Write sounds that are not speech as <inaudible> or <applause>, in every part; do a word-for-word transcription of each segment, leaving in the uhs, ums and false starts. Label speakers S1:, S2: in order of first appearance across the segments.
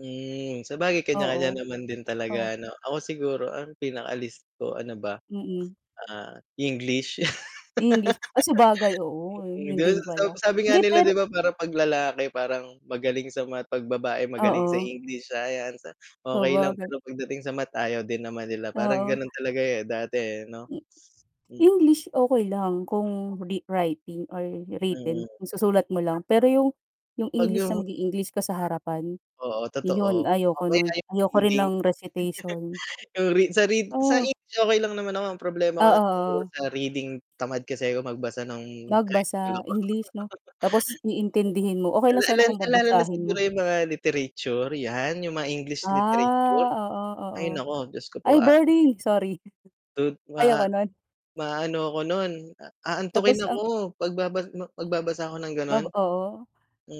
S1: Hmm. Sabagay, kaniya-kaniya
S2: Oo.
S1: naman din
S2: O?
S1: talaga, ano. Ako siguro, ang pinaka-least ko, ano ba,
S2: Mm.
S1: ah, English.
S2: English. Ah, sabagay,
S1: <laughs>
S2: oo,
S1: Mm,
S2: 'yon
S1: 'di ba,
S2: din
S1: sa
S2: pala.
S1: sabi nga
S2: Hindi,
S1: nila,
S2: pero
S1: 'di ba, parang 'pag lalaki parang magaling sa math, 'pag babae magaling sa
S2: Oo.
S1: English, Science, a okay lang.
S2: Sabagay.
S1: Pero pagdating sa math, ayaw din naman nila. Parang
S2: Oo.
S1: gano'n talaga, eh, dati, eh, 'no? Mm.
S2: English, okey lang. Kung re writing or
S1: Mm.
S2: written, 'yong susulat mo lang. Pero 'yong 'yong
S1: 'Pag
S2: English na
S1: 'yong
S2: mag-e-English ka sa harapan,
S1: Oo,
S2: 'yon
S1: totoo. O,
S2: ayoko no'n.
S1: kaya 'yong
S2: Ayoko rin
S1: reading,
S2: ng recitation.
S1: <chuckles> 'yong read sa read sa
S2: Oh.
S1: English, okay lang naman ako. Ang problema ko
S2: Oo,
S1: lang siguro
S2: oo.
S1: sa reading, tamad kasi ako magbasa no'ng high school
S2: Magbasa.
S1: ako. <laughs>
S2: English, 'no? Tapos, iintindihin mo,
S1: Oo.
S2: okay
S1: Ah,
S2: lang
S1: la ah, la
S2: sana kung
S1: ah, lalo na
S2: babasahin
S1: siguro
S2: mo.
S1: 'yong mga literature, 'yan. 'Yong mga English literature,
S2: Ah, oo, oo.
S1: ay naku, Diyos ko po.
S2: Ay,
S1: A
S2: boring, sorry. <chuckles>
S1: tud ma
S2: Ayoko no'n.
S1: maano ako no'n, a
S2: Tapos
S1: aantukin
S2: ang
S1: ako, pagbabas ma magbabasa ako ng gano'n.
S2: Nab oo.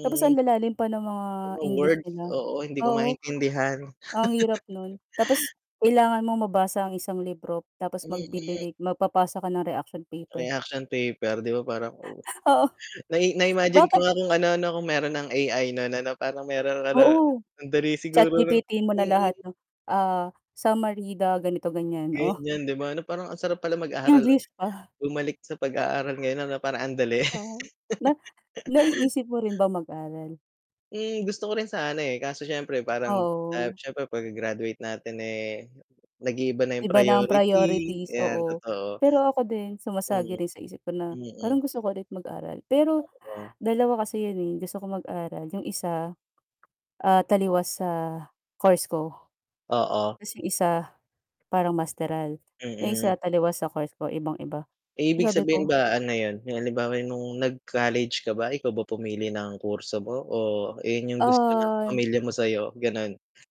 S2: Tapos ang lalalim pa ng mga
S1: Mga
S2: English
S1: words,
S2: nila.
S1: oo. Hindi ko
S2: Oo,
S1: maintindihan.
S2: ang hirap no'n.
S1: <chuckles>
S2: Tapos, kailangan mong mabasa ang isang libro
S1: Ang
S2: tapos
S1: liit-liit.
S2: magbibigay magpapasa ka ng reaction paper.
S1: Reaction paper. 'Di ba, parang, o
S2: <chuckles> Oo.
S1: Nai na-imagine ko
S2: Bater
S1: nga kung ano, 'no, kung mayroon ng A-I, no'n ano, parang mayroon ka ng
S2: Oo.
S1: and dali siguro ng
S2: ChatGPT-hin mo na lahat,
S1: mm.
S2: 'no. Ah, summary the, ganito-ganiyan, oh.
S1: Ganiyan, 'di ba, ano, parang ang sarap pala mag-aaral
S2: English
S1: ulit.
S2: pa.
S1: Bumalik sa pag-aaral ngayon ano, parang ang dali.
S2: Uh-huh. Na
S1: <chuckles>
S2: naiisip mo rin ba mag-aral?
S1: Hmm. Gusto ko rin sana, eh. Kaso, siyempre parang ah,
S2: Oo.
S1: siyempre 'pagka-graduate natin, eh, nag-iiba na 'yong
S2: Iba na ang
S1: priority.
S2: priorities,
S1: 'Yan,
S2: oo.
S1: totoo.
S2: Pero ako din,
S1: Mm.
S2: sumasagi rin sa isip ko na, parang
S1: Mm.
S2: gusto ko ulit mag-aral. Pero,
S1: Totoo.
S2: dalawa kasi 'yon, eh, gusto ko mag-aral, 'yong isa, ah, taliwas sa course ko,
S1: Oo.
S2: tas 'yong isa, parang masteral. 'Yong
S1: Mm.
S2: isa, taliwas sa course ko, ibang-iba.
S1: Ibig
S2: Sabi
S1: sabihin
S2: ko
S1: ba, ano 'yon? 'Yong halimbawa 'yong no'ng nag-college ka ba, ikaw ba pumili ng kurso mo, o 'yon 'yong gusto ng
S2: Ah
S1: pamilya mo sa'yo, ganon?